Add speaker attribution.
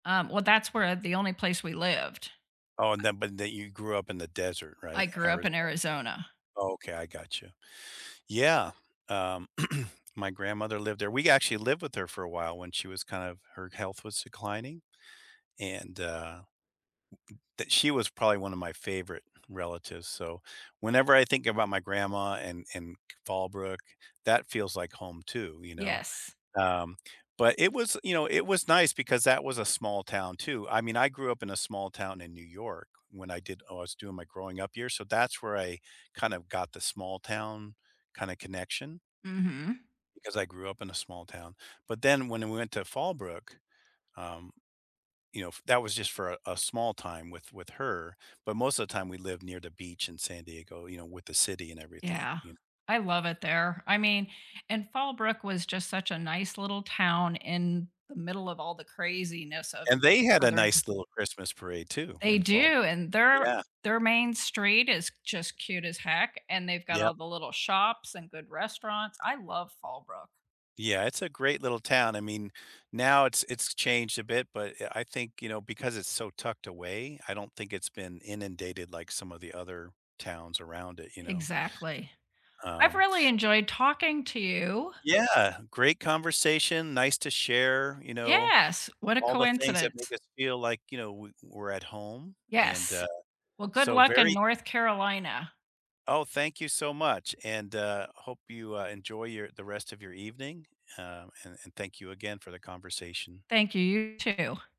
Speaker 1: Um, well, that's where, uh, the only place we lived.
Speaker 2: Oh, and
Speaker 1: I
Speaker 2: then but then you grew up in the desert, right,
Speaker 1: I grew up in
Speaker 2: Arizona.
Speaker 1: Arizona.
Speaker 2: Okay, I gotcha, yeah, um, my grandmother lived there. We actually lived with her for a while when she was kind of her health was declining, and, uh that she was probably one of my favorite relatives, so, whenever I think about my grandma and and Fallbrook, that feels like home, too, you know,
Speaker 1: Yes.
Speaker 2: um, but it was, you know, it was nice because that was a small town, too. I mean, I grew up in a small town in New York, when I did oh, I was doing my growing up years, so that's where I kind of got the small town kinda connection.
Speaker 1: Mhm.
Speaker 2: Because I grew up in a small town. But then, when we went to Fallbrook, um, you know, f that was just for a a small time with with her, but most of the time, we lived near the beach in San Diego, you know, with the city and everything,
Speaker 1: Yeah,
Speaker 2: you kn
Speaker 1: I love it there, I mean and Fallbrook was just such a nice little town in the middle of all the craziness of
Speaker 2: And they had a
Speaker 1: Southern C
Speaker 2: nice little Christmas parade, too,
Speaker 1: They
Speaker 2: in Fall
Speaker 1: do, and their
Speaker 2: yeah.
Speaker 1: their main street is just cute as heck, and they've got
Speaker 2: Yep.
Speaker 1: all the little shops and good restaurants. I love Fallbrook.
Speaker 2: Yeah. It's a great little town. I mean, now it's it's changed a bit, but, yeah, I think, you know, because it's so tucked away, I don't think it's been inundated like some of the other towns around it, you know.
Speaker 1: Exactly, I've
Speaker 2: Um
Speaker 1: really enjoyed talking to you.
Speaker 2: Yeah, great conversation, nice to share, you know,
Speaker 1: Yes, what a
Speaker 2: all the things that make
Speaker 1: coincidence.
Speaker 2: us feel like, you know, we we're at home, and,
Speaker 1: Yes.
Speaker 2: uh,
Speaker 1: Well, good
Speaker 2: so
Speaker 1: luck in
Speaker 2: very
Speaker 1: North Carolina.
Speaker 2: Oh, thank you so much, and, uh, hope you, uh, enjoy your the rest of your evening, uh, and and thank you again for the conversation.
Speaker 1: Thank you, you, too.